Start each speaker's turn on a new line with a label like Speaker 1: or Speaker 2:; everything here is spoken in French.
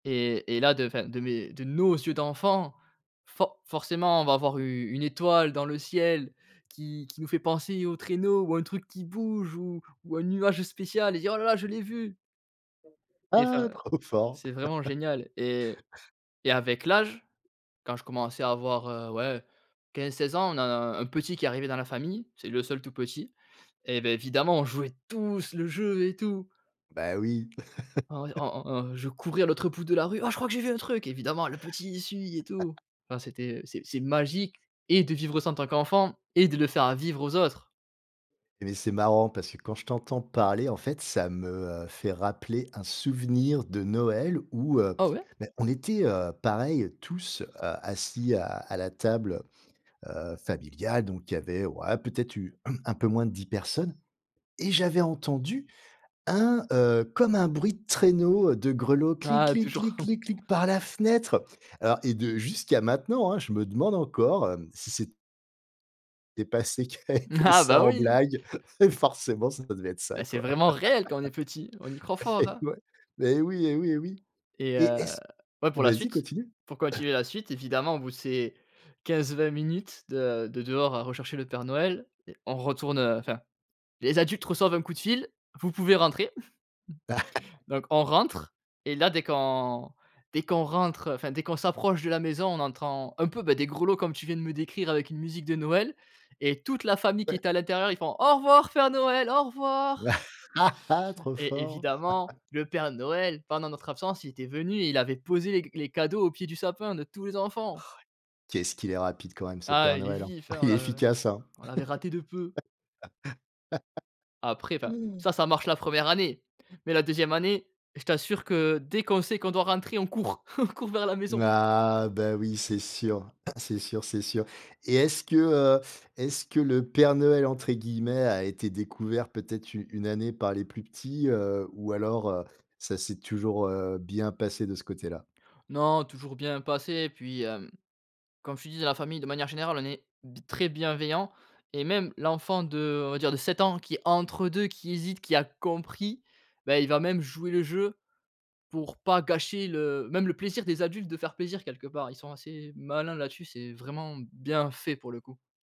Speaker 1: Et et là de enfin, de mes de nos yeux d'enfants, for forcément, on va voir u une étoile dans le ciel qui qui nous fait penser au traîneau ou un truc qui bouge ou ou un nuage spécial et dire: «Oh là là, je l'ai vu!». Et
Speaker 2: Ah,
Speaker 1: enfin,
Speaker 2: trop fort.
Speaker 1: c'est vraiment génial et et avec l'âge, quand je commençais à avoir, heu, ouais, 15-16 ans, on a un petit qui est arrivé dans la famille, c'est le seul tout petit. Et beh, évidemment, on jouait tous le jeu et tout.
Speaker 2: Bah, oui.
Speaker 1: En ouais, en en en je courais à l'autre bout de la rue: «Oh, je crois que j'ai vu un truc!» évidemment le petit, il suit et tout. Enfin, c'était c'est c'est magique et de vivre ça en tant qu'enfant et de le faire à vivre aux autres.
Speaker 2: Mais, c'est marrant parce que quand je t'entends parler, en fait, ça me, heu, fait rappeler un souvenir de Noël où, heu,
Speaker 1: Oh ouais?
Speaker 2: bah, on était, heu, pareil, tous, heu, assis à à la table, heu, heu, familiale. Donc, il y avait, ouais, peut-être eu un peu moins de 10 personnes et j'avais entendu un, heu, comme un bruit de traîneau, heu, de grelots: «clic
Speaker 1: Ah,
Speaker 2: kling
Speaker 1: toujours.
Speaker 2: clic clic clic», par la fenêtre. Alors et de jusqu'à maintenant, hein, je me demande encore, heu, si c'est était passé et qui avait fait
Speaker 1: Ah
Speaker 2: ça
Speaker 1: bah,
Speaker 2: en
Speaker 1: oui.
Speaker 2: blague, forcément ça devait être ça,
Speaker 1: Bah, c'est
Speaker 2: quoi.
Speaker 1: vraiment réel quand on est petit, on y croit fort,
Speaker 2: Et
Speaker 1: hein?
Speaker 2: ouais. Mais oui et oui et oui.
Speaker 1: Et
Speaker 2: Et
Speaker 1: heu,
Speaker 2: est-ce
Speaker 1: ouais, pour la
Speaker 2: vas-y
Speaker 1: suite,
Speaker 2: continue.
Speaker 1: pour continuer la suite, évidemment au bout de ces 15-20 minutes de de dehors à rechercher le Père Noël et on retourne, heu, enfin, les adultes reçoivent un coup de fil: «Vous pouvez rentrer». Donc, on rentre et là, dès qu'on dès qu'on rentre, enfin dès qu'on s'approche de la maison, on entend un peu, bah, des grelots comme tu viens de me décrire avec une musique de Noël et toute la
Speaker 2: O
Speaker 1: famille qui
Speaker 2: Ouais.
Speaker 1: est à l'intérieur, ils font: «Au revoir Père Noël, au revoir!»
Speaker 2: Trop
Speaker 1: et
Speaker 2: fort!
Speaker 1: évidemment, le Père Noël pendant notre absence, il était venu et il avait posé les c les cadeaux au pied du sapin de tous les enfants.
Speaker 2: Qu'est-ce qu'il est rapide quand même ce
Speaker 1: Ah,
Speaker 2: Père
Speaker 1: il est
Speaker 2: Noël, hein?
Speaker 1: vif, hein! On
Speaker 2: Il est
Speaker 1: l'a
Speaker 2: efficace, hein?
Speaker 1: on l'avait raté de peu. Après, enfin, ça, ça marche la 1re année, mais la 2e année, je t'assure que dès qu'on sait qu'on doit rentrer, on court, on court vers la
Speaker 2: M
Speaker 1: maison.
Speaker 2: Ah, bah oui, c'est sûr, c'est sûr, c'est sûr. Et est-ce que, heu, est-ce que le Père Noël, entre guillemets, a été «découvert» peut-être u une année par les plus petits, heu, ou alors, heu, ça s'est toujours, heu, bien passé de ce côté-là?
Speaker 1: Non, toujours bien passé et puis, hem, comme je te disais, la famille de manière générale, on est b très bienveillants et même l'enfant de, on va dire, de 7 ans qui est entre 2, qui hésite, qui a compris, bah, il va même jouer le jeu pour pas gâcher le même le plaisir des adultes, de faire plaisir quelque part. Ils sont assez malins là-dessus, c'est vraiment bien fait, pour le coup.